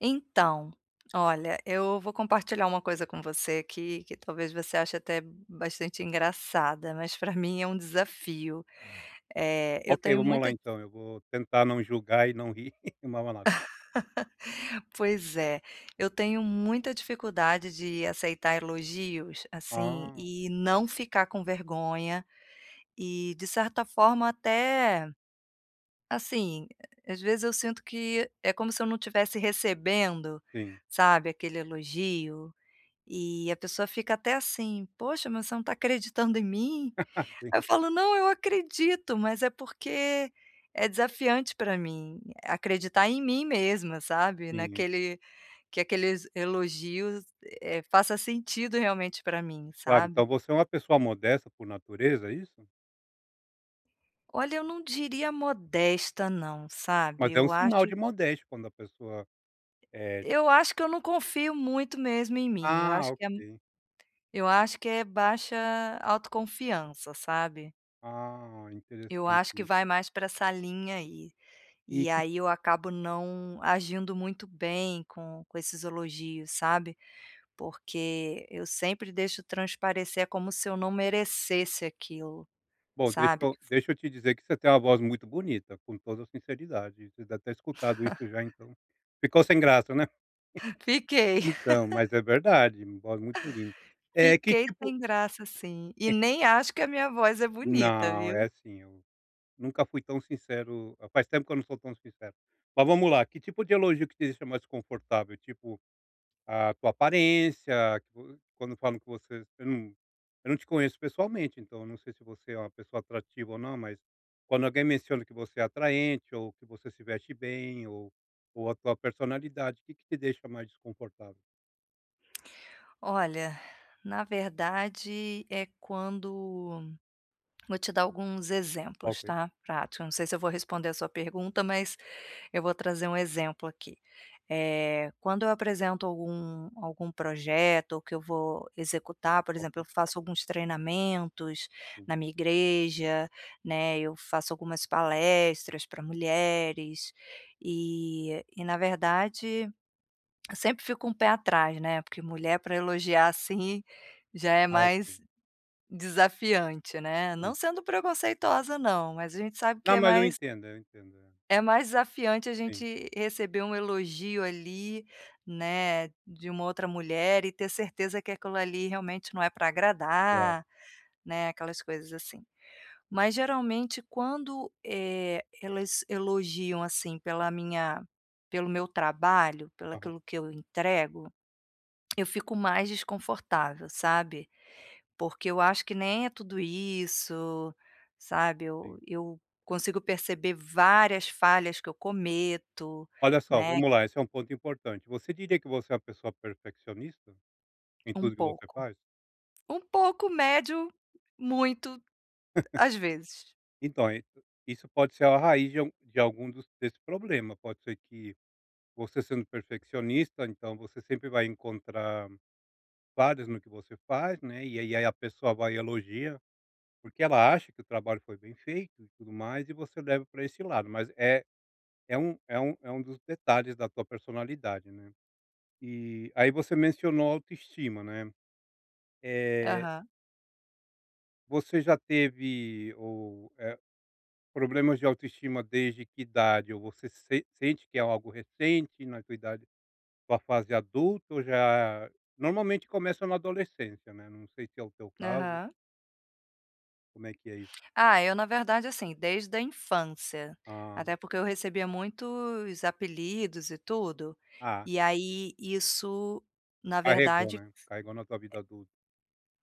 Então, olha, eu vou compartilhar uma coisa com você aqui que talvez você ache até bastante engraçada, mas pra mim é um desafio. Eh, eu Ok tenho vamos lá muita di então, eu vou tentar não julgar e não rir. [unintelligible] Pois é, eu tenho muita dificuldade de aceitar elogios, assim, Ah. e não ficar com vergonha, e, de certa forma até, assim, às vezes eu sinto que é como se eu não tivesse recebendo, Sim. sabe, aquele elogio, e a pessoa fica até assim, poxa, mas você não está acreditando em mim? Aí eu Sim. falo: "Não eu acredito", mas é porque, é desafiante pra mim, acreditar em mim mesma sabe, Tinha. naquele que aqueles elogios, eh, faça sentido realmente pra mim Claro sabe? então você é uma pessoa modesta por natureza, é isso? Olha eu não diria modesta não, sabe? Mas é um Eu sinal acho de modéstia quando a pessoa é eu acho que eu não confio muito mesmo em mim, eu ah acho que é ok. eu acho que é baixa autoconfiança, sabe? Ah, Eu interessante acho que isso. vai mais pra essa linha aí, E e que aí eu acabo não agindo muito bem com com esses elogios, sabe? Porque eu sempre deixo transparecer, como se eu não merecesse aquilo, Bom, deixa sabe eu deixa eu te dizer que você tem uma voz muito bonita, com toda a sinceridade, você deve ter escutado isso já, então ficou sem graça né? Fiquei. Então, mas é verdade, voz muito linda. É que Fiquei tipo sem graça, sim, e nem acho que a minha voz é bonita, Não, viu? é sim eu, nunca fui tão sincero a faz tempo que eu não sou tão sincero. Mas vamos lá, que tipo de elogio te deixa mais desconfortável, tipo, a tua aparência, quando falam que você você não eu num te conheço pessoalmente, então eu não sei se você é uma pessoa atrativa ou não, mas quando alguém menciona que você é atraente, ou que você se veste bem ou ou a sua personalidade, o que que te deixa mais desconfortável? Olha, na verdade é quando vou te dar alguns exemplos, Ok. tá, práticos eu não sei se eu vou responder a sua pergunta, mas eu vou trazer um exemplo aqui. Eh, quando eu apresento algum algum projeto, que eu vou executar, por exemplo, Ok. eu faço alguns treinamentos Hum. na minha igreja, né, eu faço algumas palestras pra mulheres, e e na verdade, eu sempre fico com pé atrás, né, porque mulher pra elogiar, assim, já é Ah, ok. mais desafiante, né. Não Hum. sendo preconceituosa, não, mas a gente sabe que Não, é mas eu mais entendo, eh, eu entendo é é mais desafiante a Sim. gente receber um elogio ali, né, de uma outra mulher e ter certeza que aquilo ali, realmente não é pra Claro. agradar, né, aquelas coisas assim. Mas geralmente quando, eh, elas elogiam assim pela minha, pelo meu trabalho, pela Aham. aquilo que eu entrego, eu fico mais desconfortável, sabe. Porque eu acho que nem é tudo isso sabe, eu Sim. eu consigo perceber várias falhas que eu cometo, Olha só, né. vamos lá, esse é um ponto importante, você diria que você é uma pessoa perfeccionista, em Um tudo que você pouco, faz? um pouco, médio, muito, as vezes. Então é isso pode ser a raiz de algum de algum dos desse problema, pode ser que você sendo perfeccionista, então você sempre vai encontrar falhas no que você faz, né, e ei e aí a pessoa vai e elogia, porque ela acha que o trabalho foi bem feito e tudo mais, e você leva pra esse lado, mas é é um é um é um dos detalhes da tua personalidade, né, eh, aí você mencionou autoestima, né, eh Aham. Você já teve o, eh, problemas de autoestima desde que idade? Ou você sen sente que é algo recente na sua idade, ou a fase adulta ou já Normalmente começa na adolescência, né, não sei se é o teu caso. Aham. Como é que é isso? Ah, eu na verdade, assim, desde a infância. Ah. Até porque eu recebia muitos apelidos e tudo, Ah. e aí isso, na Carregou, verdade né? Carregou na tua vida adulta.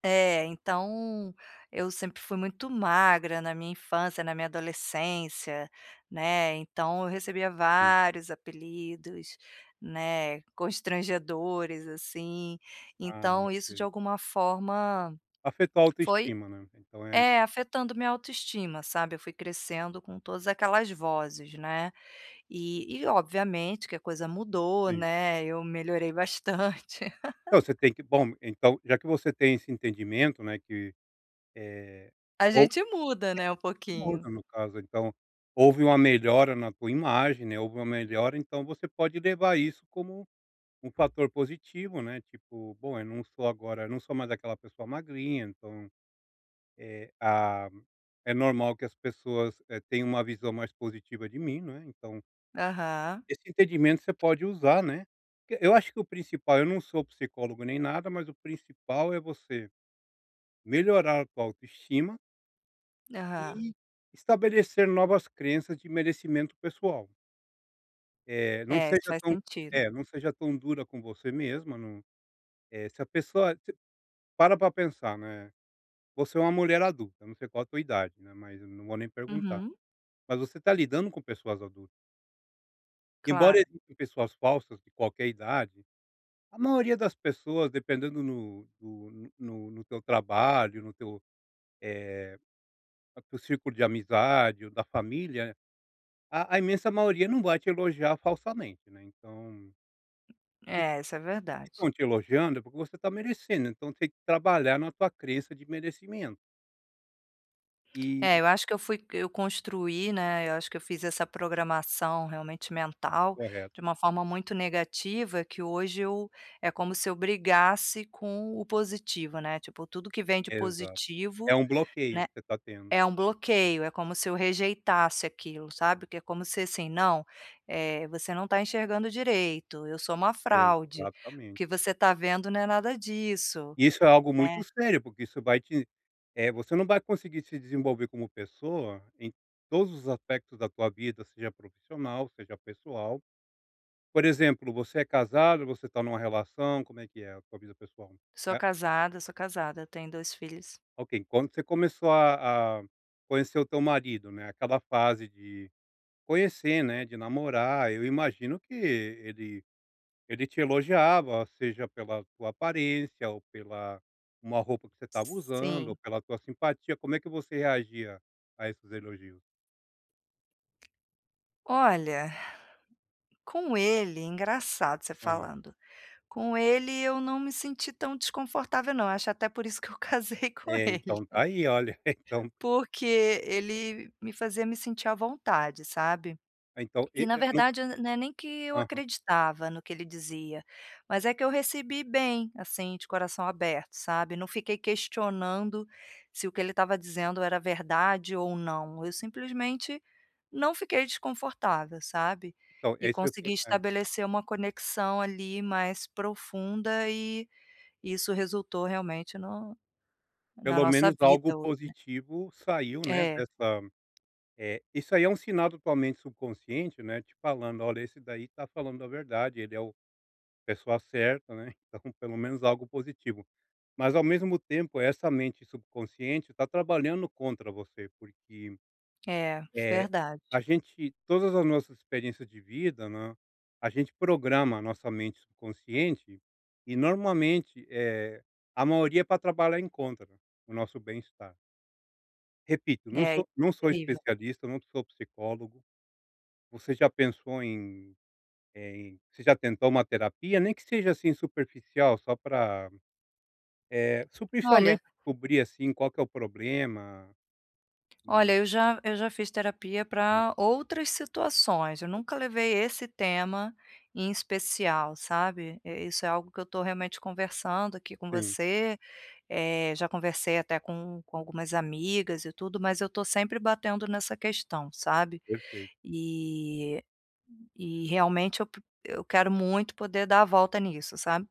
eh É, então, eu sempre fui muito magra na minha infância, na minha adolescência, né, então eu recebia Hum. vários apelidos, né, constrangedores assim. Ah, não, Então isso de sei. alguma forma Afetou a foi, autoestima, né? Então é é, afetando minha autoestima, sabe? Eu fui crescendo com todas aquelas vozes, né? E e obviamente que a coisa mudou, Sim. né, eu melhorei bastante. Então, você tem que Bom, então, já que você tem esse entendimento, né, que, eh, A ou gente muda, né, um [unintelligible] pouquinho. muda no caso. Então, houve uma melhora na tua imagem, né, houve uma melhora, então você pode levar isso como um fator positivo, né, tipo: "Bom, eu não sou agora eu não sou mais daquela pessoa magrinha, então, eh, ah, é normal que as pessoas, eh, tenham uma visão mais positiva de mim." Não é? Então Aham. esse entendimento você pode usar, né, porque eu acho que o principal, eu não sou psicólogo nem nada, mas o principal é você melhorar a tua autoestima Aham. e estabelecer novas crenças de merecimento pessoal. É, não É isso seja faz tão sentido. é não seja tão dura com você mesma, não, eh, se a pessoa te para pra pensar, né, você é uma mulher adulta, não sei qual a tua idade, né, mas eu não vou nem perguntar. Uhum. Mas você está lidando com pessoas adultas. Embora Claro. existam pessoas falsas de qualquer idade, a maioria das pessoas dependendo no do no no no teu trabalho no teu, eh, é do círculo de amizade ou da família, a a imensa maioria não vai te elogiar falsamente, né, então Se É, isso é verdade. estão te elogiando é porque você está merecendo então tem que trabalhar na tua crença de merecimento. É, Eh... eu acho que eu fui eu construí, né, eu acho que eu fiz essa programação realmente mental, Correto. de uma forma muito negativa, que hoje eu, é como se eu brigasse com o positivo, né, tipo tudo que vem de Exato, é positivo, um bloqueio né, que você está tendo. é um Tendo. bloqueio, é como se eu rejeitasse aquilo, sabe, que é como se assim: "Não, é você não está enxergando direito, eu sou uma fraude, o Exatamente. que você está vendo não é nada disso.", Isso é algo né? muito sério porque isso vai te, eh, você não vai conseguir se desenvolver como pessoa em todos os aspectos da tua vida seja profissional seja pessoal. Por exemplo você é casado você está numa relação como é que é a tua vida pessoal? Sou É? casada, sou casada, eu tenho 2 filhos. Ok, quando você começou a a conhecer o teu marido, né, aquela fase de conhecer, né, de namorar, eu imagino que ele ele te elogiava seja pela tua aparência ou pela uma roupa que você estava usando ou Sim. pela tua simpatia como é que você reagia a esses elogios? Olha, com ele, engraçado você Aham. falando, com ele eu não me senti tão desconfortável não, acho até por isso que eu casei com É ele. então, está aí olha, então. Porque ele me fazia me sentir à vontade, sabe? Então, E e na e num verdade não é nem que eu aham. acreditava no que ele dizia, mas é que eu recebi bem, assim de coração aberto, sabe? Não fiquei questionando, se o que ele estava dizendo era verdade ou não, eu simplesmente não fiquei desconfortável, sabe? E Talvez sem consegui forçcar. estabelecer uma conexão ali mais profunda, e, isso resultou realmente no na Pelo nossa menos algo vida hoje, né. positivo saiu, né, É. dessa, eh, isso aí é um sinal totalmente subconsciente, né, te falando olha esse daí está falando a verdade ele é o a pessoa certa, né, ele está com pelo menos algo positivo. Mas ao mesmo tempo essa mente subconsciente está trabalhando contra você porque, É, eh, verdade. a gente, todas as nossas experiências de vida, né, a gente programa a nossa mente consciente, e normalmente, eh, a maioria pra trabalhar em contra, o nosso bem estar. Repito, não É, sou não sou incrível. especialista, não sou psicólogo. Você já pensou em, eh, em você já tentou uma terapia? Nem que seja assim superficial só pra, eh, se o Olha. pensamento descobrir, assim, qual que é o problema. Olha, Hum. eu já eu já fiz terapia Aham. pra outras situações, eu nunca Ok. levei esse tema em especial, sabe? Eh, isso é algo que eu estou realmente conversando aqui com Sim. você, eh, já conversei até com com algumas amigas e tudo, mas eu tô sempre batendo nessa questão, sabe? Perfeito. E e realmente eu po eu quero muito poder dar a volta nisso, sabe?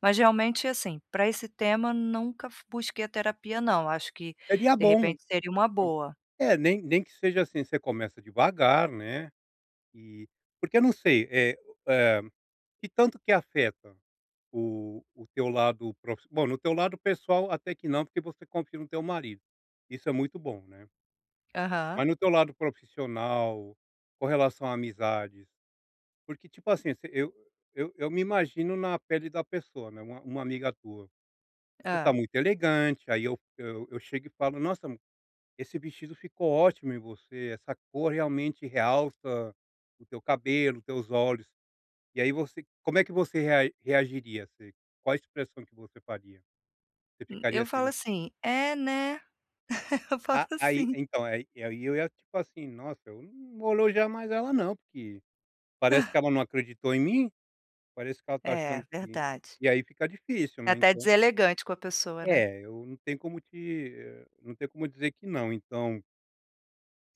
Mas realmente, assim, pra esse tema nunca fu busquei terapia não, acho que, Seria de bom, repente seria uma boa. é nem nem que seja assim, você começa devagar, né, e porque eu não sei, eh, que tanto que afeta o o teu lado prof bom, no teu lado pessoal até que não porque você confia no teu marido, isso é muito bom, né. Aham. Mas no teu lado profissional, com relação a amizades, porque tipo assim, você eu eu eu me imagino na pele da pessoa, né, uma uma amiga tua. Você tá Hã. muito elegante, aí eu eu eu chego e falo: "Nossa! Esse vestido ficou ótimo em você! Essa cor realmente realça o teu cabelo, teus olhos!" E aí você como é que você rea reagiria assim quais as expressão que você faria, você Hum, ficaria eu assim falo assim: "É, né!" Eu falo Ah, aí assim. então, aí eu ia tipo assim: "Nossa! Eu não vou elogiar mais ela não, porque parece que ela não acreditou em mim, parece que ela está É, achando que" verdade. e aí fica difícil, É né, até então. deselegante com a pessoa, né? É, eu não tenho como te ham não tenho como dizer que não então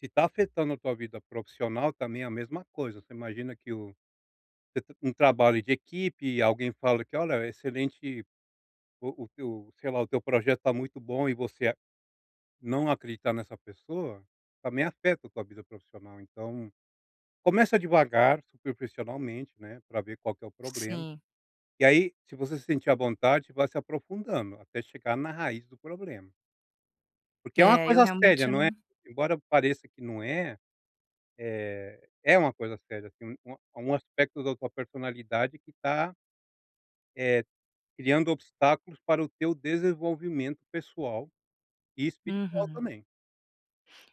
se está afetando a tua vida profissional também, é a mesma coisa você imagina que o, você t um trabalho de equipe e alguém fala que: "Olha excelente, o o que o, sei lá, o teu projeto está muito bom", e você não acreditar nessa pessoa, também afeta a tua vida profissional então, começa devagar superficialmente, né, pra ver qual que é o problema, Sim. e aí se você se sentir à vontade, você vai se aprofundando até chegar na raiz do problema. Porque é uma É, eu, coisa séria realmente eu não é? não Embora pareça que não é, eh, é uma coisa séria sim, é um é um aspecto da tua personalidade que tá eh, criando obstáculos para o teu desenvolvimento pessoal e espiritual Uhum. também.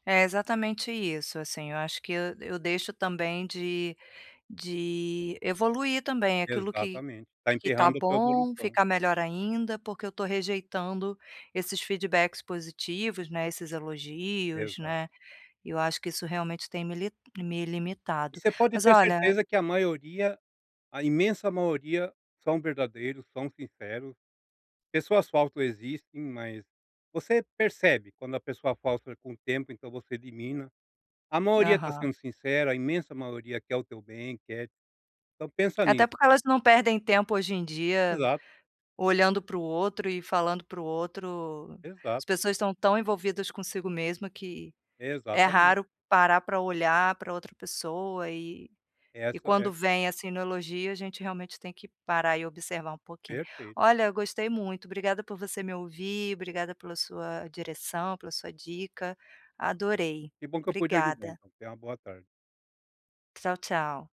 É, exatamente isso assim, eu acho que eu eu deixo também de de evoluir também aquilo que Exatamente, está que está enperrando a tua bom, evolução. ficar melhor ainda, porque eu estou rejeitando esses feedbacks positivos, né, esses elogios, Exato. né. Eu acho que isso realmente tem me li me E limitado. você pode Mas ter olha certeza que a maioria, a imensa maioria são verdadeiros, são sinceros. Pessoas falsas existem, mas, você percebe quando a pessoa falsa com o tempo, então você elimina. A maioria tá Aham. sendo sincera, a imensa maioria quer o teu bem, quer Então pensa nisso. Até porque elas não perdem tempo hoje em dia, Exato. olhando pro outro e falando pro outro, Exato. as pessoas estão tão envolvidas consigo mesma que, é Exatamente. raro parar pra olhar pra outra pessoa e e Essa é. quando vem, assim, no elogio a gente realmente tem que parar e observar um pouquinho. Perfeito. Olha eu gostei muito, obrigada por você me ouvir, obrigada pela sua direção, pela sua dica, adorei, Que bom que eu pude ajudar, obrigada. então, tenha uma boa tarde. Tchau, tchau.